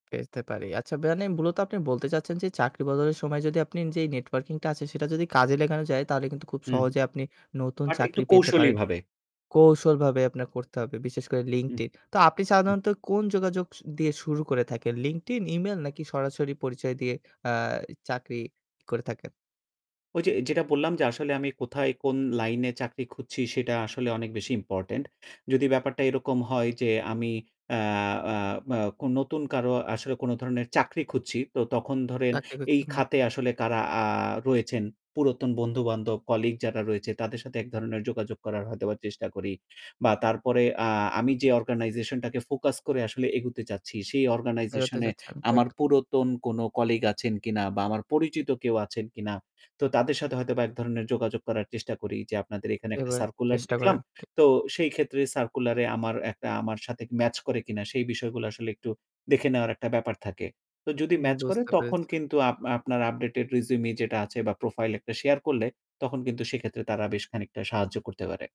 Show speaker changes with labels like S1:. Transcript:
S1: পেতে পারি। আচ্ছা ব্যায়ানে মূলত আপনি বলতে চাচ্ছেন, যে চাকরি বদলের সময় যদি আপনি যে নেটওয়ার্কিংটা আছে সেটা যদি কাজে লাগানো যায় তাহলে কিন্তু খুব
S2: হু, হু
S1: সহজে আপনি নতুন
S2: বাট একটু
S1: চাকরি পেতে পারেন।
S2: কৌশলীভাবে।
S1: কৌশলভাবে আপনার করতে হবে। বিশেষ করে
S2: উহ
S1: LinkedIn. তো আপনি
S2: উ
S1: সাধারণত কোন যোগাযোগ দিয়ে শুরু করে থাকেন LinkedIn, ইমেইল নাকি সরাসরি পরিচয় দিয়ে আ চাকরি করে থাকেন?
S2: ওই যে যেটা বললাম, যে আসলে আমি কোথায় কোন লাইনে চাকরি খুঁজছি সেটা আসলে অনেক বেশি ইম্পোর্টেন্ট। যদি ব্যাপারটা এরকম হয় যে, আমি অ্যা অ্যা ম কোন নতুন কারো আসলে কোন ধরনের চাকরি খুঁজছি তো, তখন ধরেন
S1: চাকরি
S2: এই
S1: খুজতে, হুম
S2: খাতে আসলে কারা আ রয়েছেন, পুরাতন বন্ধু-বান্ধব কলিগ যারা রয়েছে তাদের সাথে এক ধরণের যোগাযোগ করার হয়তো চেষ্টা করি। বা তারপরে আ আমি যে অর্গানাইজেশনটাকে ফোকাস করে আসলে এগোতে চাচ্ছি, সে
S1: বেরোতে
S2: অর্গানাইজেশন এ
S1: যাচ্ছে। ঠিক
S2: আমার পুরাতন কোনো কলিগ আছেন কিনা বা আমার পরিচিত কেউ আছেন কিনা। তো তাদের সাথে হয়তোবা এক ধরণের যোগাযোগ করার চেষ্টা করি যে, আপনাদের এখানে একটা
S1: এবার
S2: সার্কুলার
S1: চেষ্টা
S2: দেখলাম।
S1: করেন, ঠিক।
S2: তো সেই ক্ষেত্রে সার্কুলারে আমার একটা আমার সাথে ম্যাচ করে কিনা সেই বিষয়গুলা আসলে একটু দেখে নেওয়ার একটা ব্যাপার থাকে। তো যদি
S1: উম
S2: ম্যাচ করে
S1: বুঝতে
S2: তখন
S1: পেরেছি।
S2: কিন্তু আপ আপনার আপডেটেড রেজ্যুমে যেটা আছে বা প্রোফাইল একটা শেয়ার করলে তখন কিন্তু সেক্ষেত্রে তারা বেশ খানিকটা সাহায্য করতে পারে।